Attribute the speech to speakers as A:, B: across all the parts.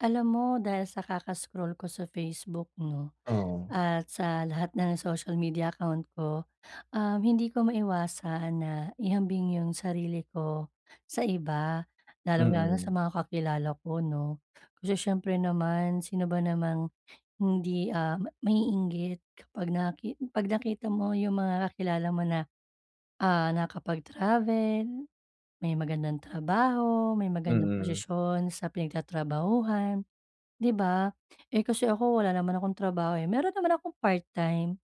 A: Alam mo, dahil sa kaka-scroll ko sa Facebook 'no,
B: Oo.
A: at sa lahat ng social media account ko, um, hindi ko maiwasan na ihambing yung sarili ko sa iba, lalong-lalo na sa
B: Mm.
A: mga kakilala ko 'no, kasi siyempre naman, sino ba namang hindi, ah, ma maiinggit kapag nakit 'pag nakita mo yung mga kakilala mo na, ah, nakakapag-travel, may magandang trabaho, may magandang
B: Mm.
A: posisyon sa pinagtatrabahuhan, di ba? Eh, kasi ako, wala naman akong trabaho eh, meron naman akong part time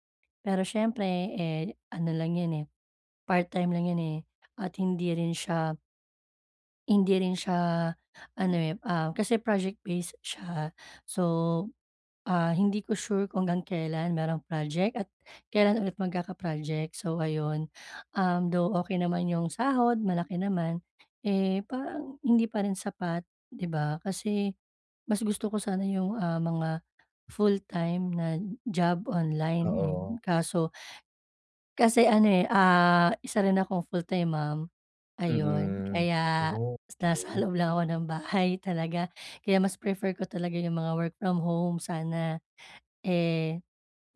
A: pero siyempre, eh, ano lang yun eh, part time lang yun, eh, at hindi rin siya hindi rin siya ano eh, ah, kasi project-based siya. So, ah, hindi ko sure kung hanggang kelan merong project, at kelan ulit magkaka-project. So ayun, um, though okey naman yung sahod, malaki naman, eh, parang hindi pa rin sapat, di ba? Kasi mas gusto ko sana yung, ah, mga full time na job online. Hmm,
B: Oo.
A: kaso kasi ano, eh, ah, isa rin akong full-time mom, ayon.
B: Mm.
A: Kaya,
B: Oh,
A: nasa
B: okey.
A: loob lang ako ng bahay talaga, kaya mas prefer ko talaga yung mga work from home sana. Eh,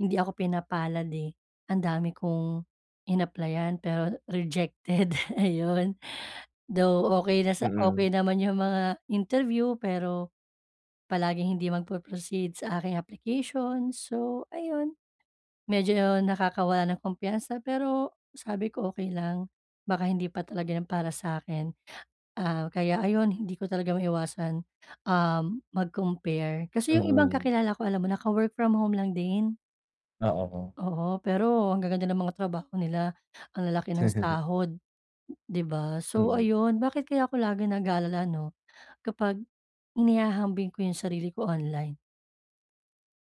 A: hindi ako pinapalad eh. Ang dami kong inapplyan pero rejected, ayon. Though okey na sa
B: Mm.
A: okey naman yung mga interview, pero palaging hindi magpo-proceed sa aking application, so ayun, medyo nakakawala ng kumpiyansa, pero sabi ko okey lang baka hindi pa talaga 'yan para sa akin. Ah, kaya ayon, hindi ko talaga maiwasan, um, mag-compare kasi yung ibang
B: Mm.
A: kakilala ko, alam mo naka-work from home lang din.
B: Oo, 'no.
A: Oo, pero ang gaganda ng mga trabaho nila, ang lalaki ng sahod, di ba? So
B: Mm.
A: ayun, bakit kaya ako nag-alala ano, kapag inihahambing ko yung sarili ko online?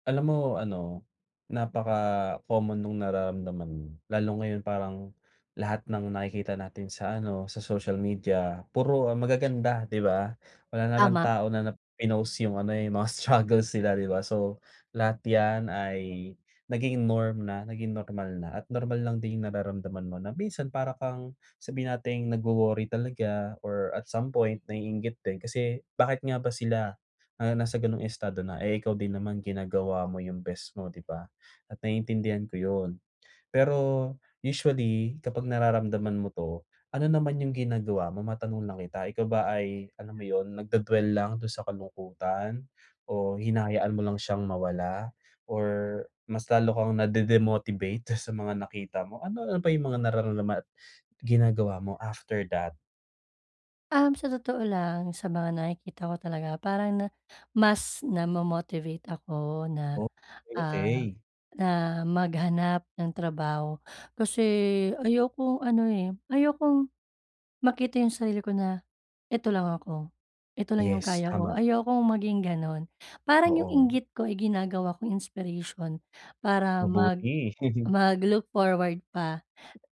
B: Alam mo ano, napaka-common nung nararamdaman mo. Lalo ngayon parang lahat ng nakikita natin sa ano, sa social media, puro magaganda, di ba? Wala naman
A: Tama.
B: tao na na pinost yung ano, eh, mga struggles nila, di ba? So lahat 'yan ay nagiging norm na naging normal na at normal lang din yung nararamdaman mo na minsan para kang sabihin nating nag-worry talaga, or at some point naiinggit din kasi bakit nga ba sila na nasa gano'ng estado na, eh, ikaw din naman ginagawa mo yung best mo, di ba? At naiintindihan ko yun. Pero usually, kapag nararamdaman mo 'to, ano naman yung ginagawa mo? Matanong lang kita, ikaw ba ay alam mo yun, nagdwe-dwell lang dun sa kalungkutan o hinahayaan mo lang siyang mawala? Or mas lalo kang nade-demotivate dun sa mga nakita mo? Ano ano pa yung mga nararamdaman at ginagawa mo after that?
A: Um, sa totoo lang, sa mga nakikita ko talaga parang na mas namo-motivate ako na,
B: Oh, 'kay,
A: ah,
B: okey.
A: na maghanap ng trabaho. Kasi ayokong ano eh, ayokong makita yung sarili ko na "Eto lang ako, eto lang yung
B: Yes,
A: kaya ko",
B: tama.
A: ayokong maging ganun. Parang yung
B: Oo.
A: inggit ko ay ginagawa kong inspiration para mag
B: Mabuti.
A: mag look forward pa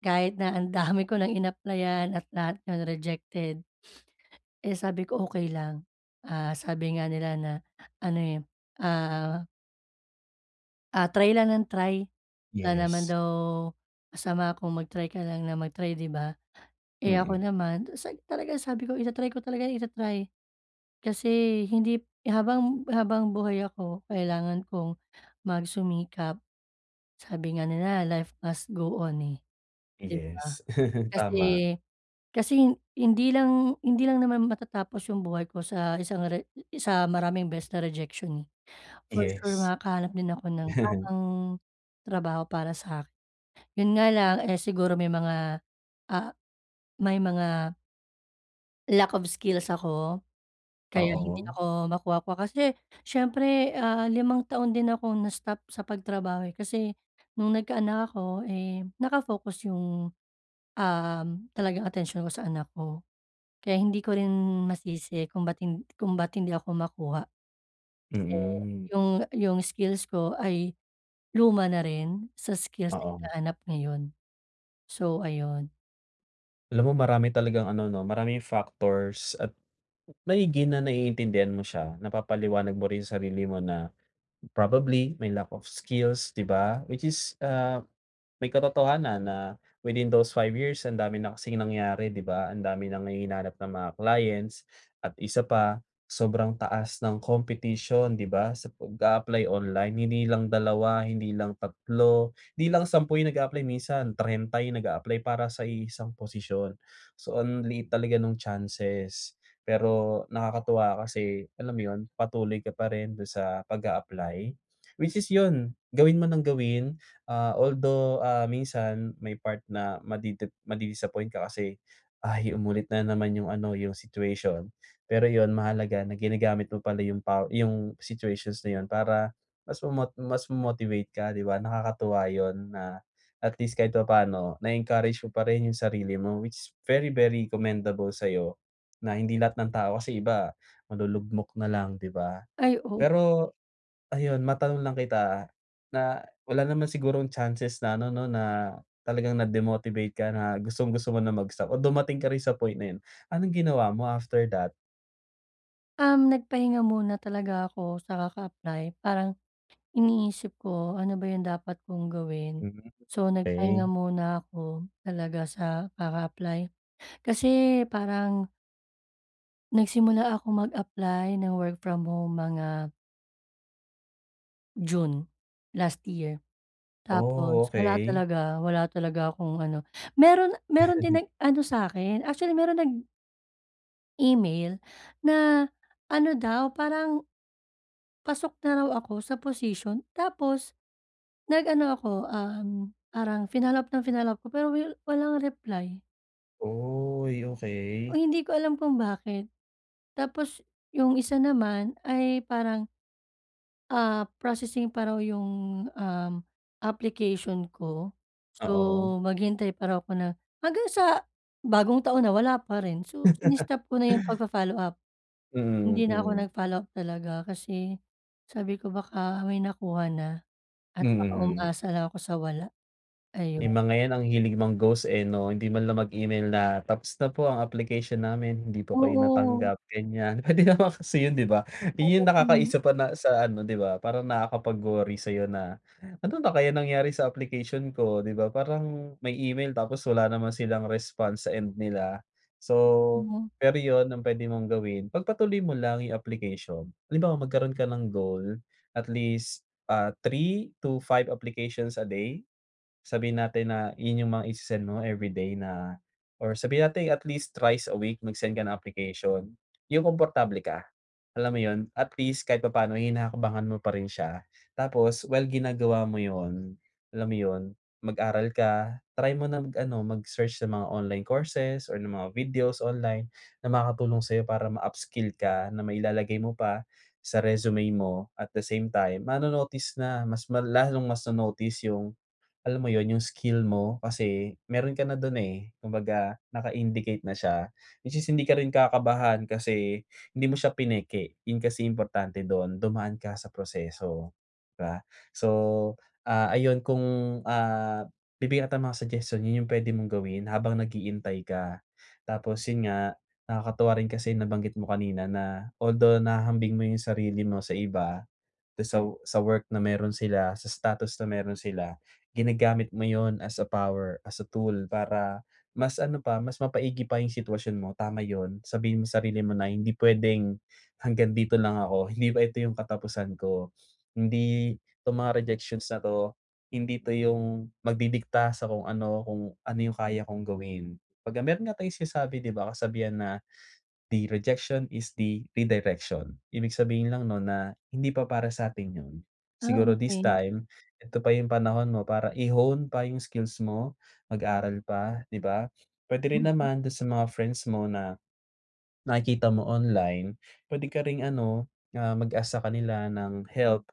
A: kahit na ang dami ko nang inapplyan at lahat yun rejected, eh, sabi ko, "Okey lang", ah, sabi nga nila na ano, eh, ah ah try lang, ng try, wala na naman
B: Yes.
A: daw masama kung mag-try ka lang ng mag-try, di ba? Eh, ako
B: Mm.
A: naman se talagang sabi ko ita-try ko talaga ita-try kasi hindi habang, habang buhay ako, kailangan kong magsumikap. Sabi nga nila, "Life must go on", eh, di ba?
B: Yes.
A: Kasi,
B: Tama.
A: kasi hindi lang hindi lang naman matatapos yung buhay ko sa isang re sa maraming beses na rejection, eh. For sure,
B: Yes.
A: makakahanap din ako ng tamang trabaho para sa'kin. Yun nga lang eh, siguro may mga, ah, may mga Lack of skills ako, kaya hindi
B: Oo.
A: ako makuha-kuha kasi siyempre, ah, limang taon din ako na-stop sa pagtrabaho, eh. Kasi nung nagkaanak ako, eh, naka-focus yung, uhm, talagang atensyon ko sa anak ko. Kaya hindi ko rin masisi kung ba't hin kung ba't hindi ako makuha. Kasi,
B: Mm.
A: yung yung skills ko ay luma na rin sa skills na
B: Oo.
A: hinahanap ngayon. So ayun.
B: Alam mo marami talagang ano 'no, maraming factors at maigi na naiintindihan mo siya. Napapaliwanag mo rin sa sarili mo na probably, may lack of skills, 'di ba? Which is, ah, may katotohanan na within those 5 years, ang dami na kasing nangyari, ‘di ba, ang dami nang hihinanap ng mga clients. At isa pa, sobrang taas ng competition, 'di ba, sa pag-a-apply online. Hindi lang 2, hindi lang 3, hindi lang 10 yung nag-a-apply. Minsan 30 yung nag-a-apply para sa iisang posisyon. So ang liit talaga nung chances, pero nakakatuwa kasi, alam mo yun, patuloy ka pa rin dun sa pag-a-apply. Which is yun, gawin mo nang gawin, ah, although, ah, minsan may part na madidip madi-disappoint ka kasi, ay umulit na naman yung ano, yung situation. Pero yun, mahalaga na ginagamit mo pala yung paw yung situations na yun para mas mamot mas mo-motivate ka, 'di ba? Nakakatuwa yun na at least kahit papaano, na-encourage mo pa rin yung sarili mo. Which very very commendable sa'yo na hindi lahat ng tao, kasi iba malulugmok nalang, 'di ba?
A: Ay o
B: Pero, ayun matanong lang kita na, wala naman sigurong chances na ano 'no, na talagang na-demotivate ka na gustong-gusto mo na mag-stop o dumating ka rin sa point na yun? Anong ginawa mo after that?
A: Um, nagpahinga muna talaga ako sa kaka-apply, parang, iniisip ko ano ba yung dapat kong gawin.
B: Mm
A: So,
B: okey.
A: nagpahinga muna ako, talaga sa kaka-apply kasi parang Nagsimula akong mag-apply ng work from home mga June, last year.
B: Oh
A: Tapos wala
B: okey.
A: talaga wala talaga akong ano, meron meron din nag-ano sa'kin, actually meron nag email na ano daw parang, pasok na raw ako sa posisyon tapos, nag ano ako, um, parang finollow up ng finollow up ko pero wil walang reply.
B: Oy
A: Oh,
B: okey.
A: hindi ko alam kung bakit. Tapos yung isa naman ay parang ah, processing pa raw 'yong, um, application ko, so
B: Oo.
A: maghintay pa raw ako na hanggang sa bagong taon na, wala pa rin. So ini-stop ko na 'yong pag-fo-follow up.
B: Mm
A: Hindi na ako
B: mm.
A: nag-follow up, talaga, kasi sabi ko baka may nakuha na at baka
B: Mm.
A: umaasa na ako sa wala. Ayon.
B: Eh, mga yan ang hilig mang-ghost eh, 'no. Hindi man lang mag email na tapos na po, ang application namin, hindi po kayo
A: Oo.
B: natanggap ganyan. Puwede naman kasi yun, 'di ba,
A: Oo,
B: yun
A: hmm.
B: nakakaisa pa na sa ano 'di ba, parang nakakapag-worry sa'yo na, ano na kaya nangyari sa application ko, di ba, parang may email tapos wala naman silang response sa end nila. So
A: Totoo.
B: pero yun, ang puwede mong gawin, pagpatuloy mo lang yung application. Halimbawa magkaroon ka ng goal at least ah, 3-5 applications a day. Sabihin natin na yun yung mga ise-send mo everyday na or sabihin natin at least thrice a week mag-send ka ng application, yung komportable ka alam mo, yon? At least kahit papaano hinahakbangan mo pa rin siya, tapos well, ginagawa mo yon, alam mo yon, mag-aral ka, try mo na mag-ano mag-search sa mga online courses or ng mga videos online, na makakatulong sa'yo para ma-upskill ka na mailalagay mo pa sa resume mo at the same time, mano-notice na mas mala lalong mas ma-notice yung, alam mo yun, yung skill mo kasi meron ka na dun eh, kumbaga naka-indicate na siya. At least hindi ka rin kakabahan kasi hindi mo siya pineke, yun kasi importante dun, dumaan ka sa proseso, 'di ba? So, ah, ayun kung ah, bibigyan kita ng mga suggestion, yun yung puwede mong gawin habang nag-iintay ka. Tapos yun nga, nakakatuwa rin kasi nabanggit mo kanina na although nahahambing mo yung sarili mo sa iba, tas sa sa work na meron sila, sa status na meron sila, ginagamit mo yun as a power, as a tool para mas ano pa, mas mapaigi pa yung sitwasyon mo. Tama yun, sabihin mo sarili mo na hindi puwedeng hanggang dito lang ako, hindi pa ito yung katapusan ko, hindi 'tong mga rejections na to, hindi ito yung magdidikta sa kung ano, kung ano yung kaya kong gawin. Pagka meron nga tayong sinasabi di ba, kasabihan na, "The rejection is the redirection," ibig sabihin lang nun na hindi pa para sa'tin yun.
A: Ah,
B: Siguro this
A: okey.
B: time, eto pa yung panahon mo para i-hone pa yung skills mo, mag-aral pa, 'di ba? Puwede rin
A: Mm.
B: naman dun sa mga friends mo na, nakikita mo online, puwede ka ring ano ah, mag-ask sa kanila ng help,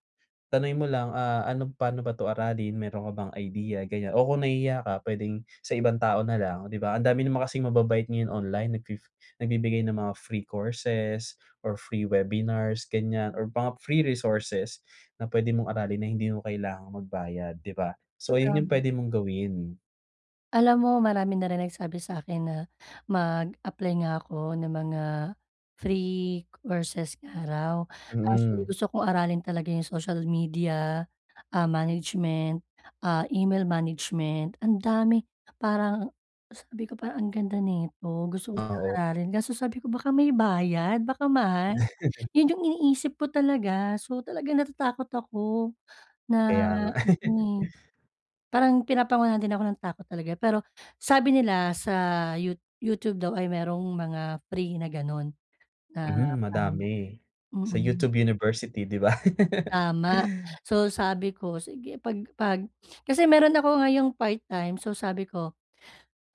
B: tanungin mo lang ah, ano paano ba 'to aralin, meron ka bang idea ganyan o kung nahihiya ka puwedeng sa ibang tao na lang di ba, ang dami naman kasing mababait ngayon online nag fi nagbibigay ng mga free courses or free webinars ganyan or mga free resources na puwede mong aralin na hindi mo kailangang magbayad, di ba? So yun, yun
A: Tama.
B: puwede mong gawin.
A: Alam mo marami na rin nagsabi sa'kin na mag-apply nga ako ng mga free courses nga raw. Actually,
B: Mm.
A: gusto kong aralin talaga yung social media, ah, management, ah, email management. Ang dami, parang sabi ko, "Parang ang ganda neto, gusto-gusto
B: Ah,
A: kong
B: oo.
A: aralin", kaso sabi ko, "Baka may bayad, baka mahal", yun yung iniisip ko talaga. So talagang natatakot ako na
B: Kaya nga.
A: mm. Parang pinapangunahan din ako ng takot talaga. Pero sabi nila sa You YouTube daw ay merong mga free na ganun na
B: Mhm,
A: parang
B: madami sa
A: mm.
B: YouTube University di ba?
A: Tama. So sabi ko, sige pag pag kasi meron ako ngayong part-time. So, sabi ko,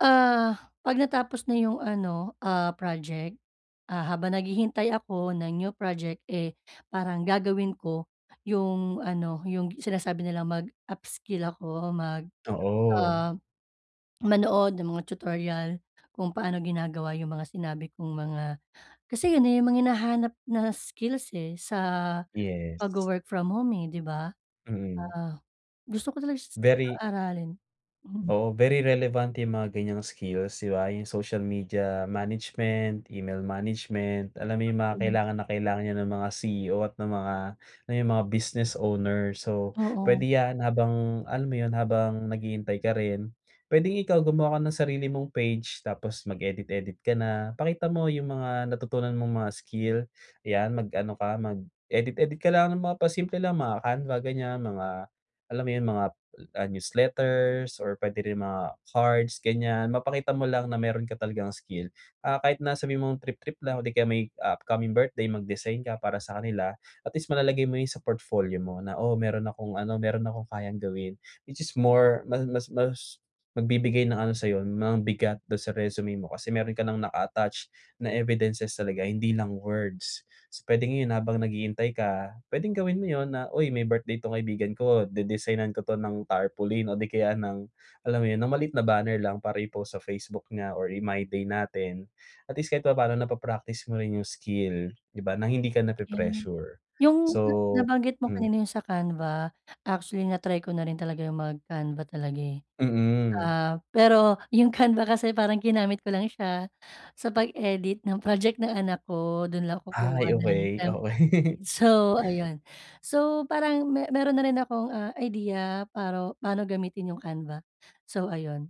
A: ah, pag natapos na 'yong ano, ah, project, ah, habang naghihintay ako ng new project, eh, parang gagawin ko 'yong ano 'yong sinasabi nilang mag-upskill ako. Mag
B: Oo.
A: ah, manood ng mga tutorial kung paano ginagawa yung mga sinabi kong mga kasi yun na yung mga hinahanap na skills, eh, sa
B: Yes.
A: pagwo-work from home, eh, di ba?
B: Mm.
A: Ah, gusto ko talaga siyang
B: Very
A: aralin mm.
B: oo, very relevant yang mga ganyang skills di ba, yung social media management, email management. Alam mo yung mga
A: [unintelligible]
B: kailangan na kailangan niyan ng mga CEO at ng mga, yung mga business owner. So puwede
A: Oo.
B: yan habang alam mo yun habang naghihintay ka rin pwedeng ikaw gumawa ka ng sarili mong page tapos mag-edit-edit ka na. Ipakita mo yung mga natutunan mong mga skill, yan mag-ano ka mag-edit-edit ka lang ng mga pa-simple lang mga Canva ganyan, mga alam mo yun, mga ah, newsletters or pwede rin mga cards ganyan, mapakita mo lang na meron ka talagang skill. Ah ,kahit na sabihin mong trip-trip lang o di kaya may upcoming birthday mag-design ka para sa kanila, at least malalagay mo yun sa portfolio mo na, o meron akong ano, meron akong kayang gawin, which is more ma mas mas magbibigay ng ano sa'yo ng bigat dun sa resume mo, kasi meron ka nang naka-attach na evidences talaga hindi lang words. So, pwedeng habang naghihintay ka, pwedeng gawin mo yun na, "Uy may birthday tong kaibigan ko de-designan ko 'to ng tarpaulin", o di kaya ng alam mo yun ng maliit na banner lang para i-post sa Facebook niya or i-my day natin, at least kahit papaano napa-practice mo rin yung skill di ba, na hindi ka
A: [unintelligible]
B: napi-pressure.
A: Yung na
B: So,
A: nabanggit mo
B: hmm
A: kanina yung sa Canva actually na-try ko na rin talaga yung mag-Canva talaga, eh.
B: Mm.
A: Ah, pero yung Canva kasi parang ginamit ko lang siya sa pag-edit ng project ng anak ko dun lang kukuha
B: Ay,
A: ng
B: okey,
A: temp
B: okey.
A: so ayun. So, parang me meron na rin akong, ah, idea paro paano gamitin yung canva, so ayun.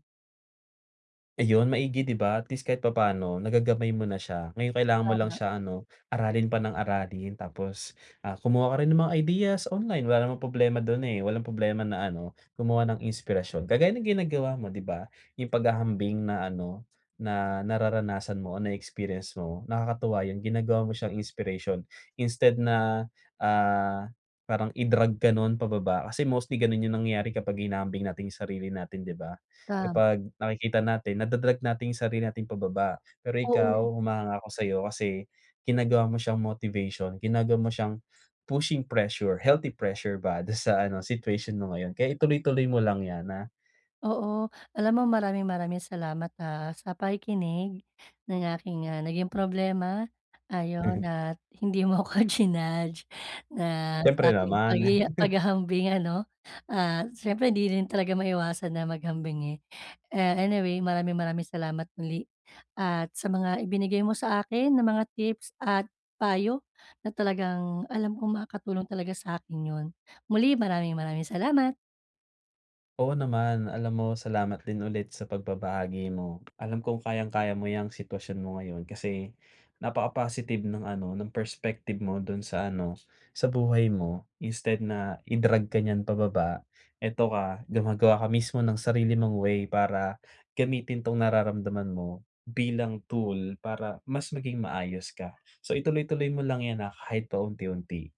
B: Ayun, maigi, 'di ba? At least kahit papaano, nagagamay mo na siya. Ngayon, kailangan mo lang
A: Tama.
B: siya ano, aralin pa nang aralin. Tapos, ah, kumuha ka rin ng mga ideas online. Wala namang problema dun, eh, walang problema na ano, gumawa ng inspirasyon. Kagaya ng ginagawa mo, 'di ba, yung paghahambing na ano, na nararanasan mo o na-experience mo, nakakatuwa yung ginagawa mo siyang inspiration instead na, ah, parang i-drag ka no’n pababa. Kasi mostly ganun yung nangyayari kapag hinahambing natin yung sarili natin, 'di ba?
A: Tam.
B: Kapag nakikita natin, nada-drag natin yung sarili natin pababa. Pero
A: Oo.
B: ikaw, humahanga ako sa'yo, kasi ginagawa mo siyang motivation, ginagawa mo siyang pushing pressure, healthy pressure ba, dun sa ano, situation mo ngayon kaya ituloy-tuloy mo lang 'yan na
A: Oo. Alam mo, maraming maraming salamat ah sa pakikinig, ng aking, ah, naging problema. Ayon, at hindi mo ako jinudge na,
B: Siyempre,
A: saking
B: naman.
A: pagyaya paghahambing, ano. At siyempre 'di rin talaga maiwasan na maghambing, eh. Eh, anyway maraming maraming salamat muli, at sa mga ibinigay mo sa akin ng mga tips at payo, na talagang alam kong makakatulong talaga sa'kin yun. Muli, maraming maraming salamat.
B: Oo naman. Alam mo, salamat din ulit sa pagbabahagi mo. Alam kong kayang-kaya mo ‘yang sitwasyon mo ngayon kasi, napaka-positive nung ano, ng perspective mo dun sa ano, sa buhay mo. Instead na i-drag ka niyan pababa, ito ka, gumagawa ka mismo ng sarili mong way para gamitin 'tong nararamdaman mo, bilang tool para mas maging maayos ka. So ituloy-tuloy mo lang 'yan, ah, kahit pa unti-unti.